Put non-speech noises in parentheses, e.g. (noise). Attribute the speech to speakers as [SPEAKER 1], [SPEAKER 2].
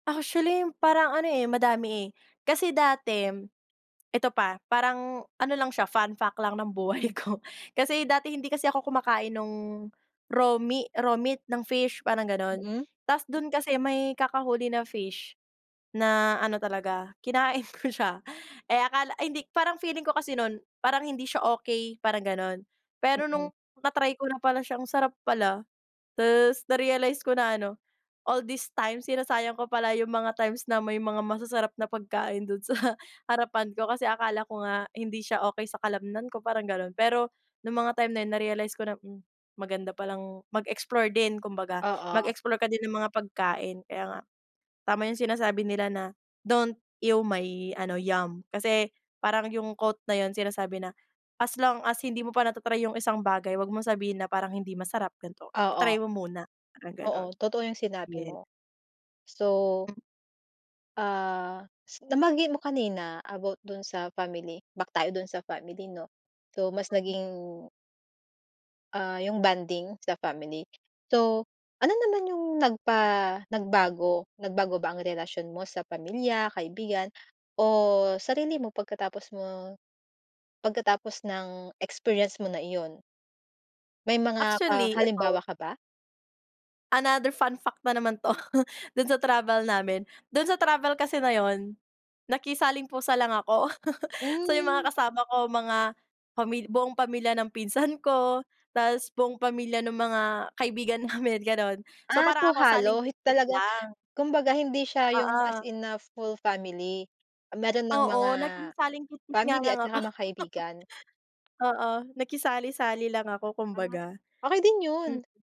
[SPEAKER 1] Actually parang ano, eh, madami, eh, kasi dati eto pa, parang ano lang siya fun fact lang ng buhay ko (chuckles) kasi dati hindi kasi ako kumakain nung raw me raw meat ng fish parang gano'n.
[SPEAKER 2] Mm.
[SPEAKER 1] Ta's dun kasi may kakahuli na fish na ano talaga kinain ko siya, (chuckles) eh, akala ay hindi parang feeling ko kasi no'n parang hindi siya okey parang gano'n. Pero nung
[SPEAKER 2] Mm.
[SPEAKER 1] na-try ko na pala siyang sarap pala. Ta's na-realize ko na ano, all this time sinasayang ko pala yung mga times na may mga masasarap na pagkain dun sa (chuckles) harapan ko kasi akala ko nga hindi siya okey sa kalamnan ko parang gano'n. Pero, nung mga time na yun na-realize ko na, hmm, maganda palang mag-explore din kumbaga,
[SPEAKER 2] Oo.
[SPEAKER 1] mag-explore ka din ng mga pagkain kaya nga tama yung sinasabi nila na, "Don't ew my," ano "yum." Kasi parang yung quote na yun sinasabi na, as long as hindi mo pa nata-try yung isang bagay 'wag mong sabihin na parang hindi masarap ganito, i-try
[SPEAKER 2] Oo.
[SPEAKER 1] mo muna, parang gano'n.
[SPEAKER 2] Oo, totoo yung sinabi
[SPEAKER 1] Yes.
[SPEAKER 2] mo. So
[SPEAKER 1] Hmm.
[SPEAKER 2] Ah, nabanggit mo kanina about dun sa family, back tayo dun sa family 'no. So mas
[SPEAKER 1] Hmm.
[SPEAKER 2] naging Ah, yung bonding sa family. So, ano naman yung nagpa nagbago? Nagbago ba ang relasyon mo sa pamilya, kaibigan o sarili mo? Pagkatapos mo pagkatapos ng experience mo na iyon? May mga ka
[SPEAKER 1] Actually ito.
[SPEAKER 2] halimbawa ka ba?
[SPEAKER 1] Another fun fact na naman 'to (chuckles) do'n sa travel namin. Do'n sa travel kasi na 'yon, nakisaling pusa lang ako, (chuckles) so yung
[SPEAKER 2] Hmm.
[SPEAKER 1] mga kasama ko mga pamil buong pamilya ng pinsan ko, ta's buong pamilya ng mga kaibigan namin gano'n. So,
[SPEAKER 2] Ah,
[SPEAKER 1] parang
[SPEAKER 2] so
[SPEAKER 1] ako
[SPEAKER 2] halo
[SPEAKER 1] salingkit
[SPEAKER 2] hindi
[SPEAKER 1] kit
[SPEAKER 2] talaga
[SPEAKER 1] lang.
[SPEAKER 2] kumbaga hindi siya yung as
[SPEAKER 1] Oo.
[SPEAKER 2] in na full family. Meron ng mga,
[SPEAKER 1] Oo, naging salingkit kit nga
[SPEAKER 2] family
[SPEAKER 1] lang
[SPEAKER 2] at
[SPEAKER 1] ako.
[SPEAKER 2] saka
[SPEAKER 1] (chuckles)
[SPEAKER 2] mga kaibigan?
[SPEAKER 1] Oo, nakisali-sali lang ako kumbaga.
[SPEAKER 2] Okey din
[SPEAKER 1] Hmm.
[SPEAKER 2] 'yon.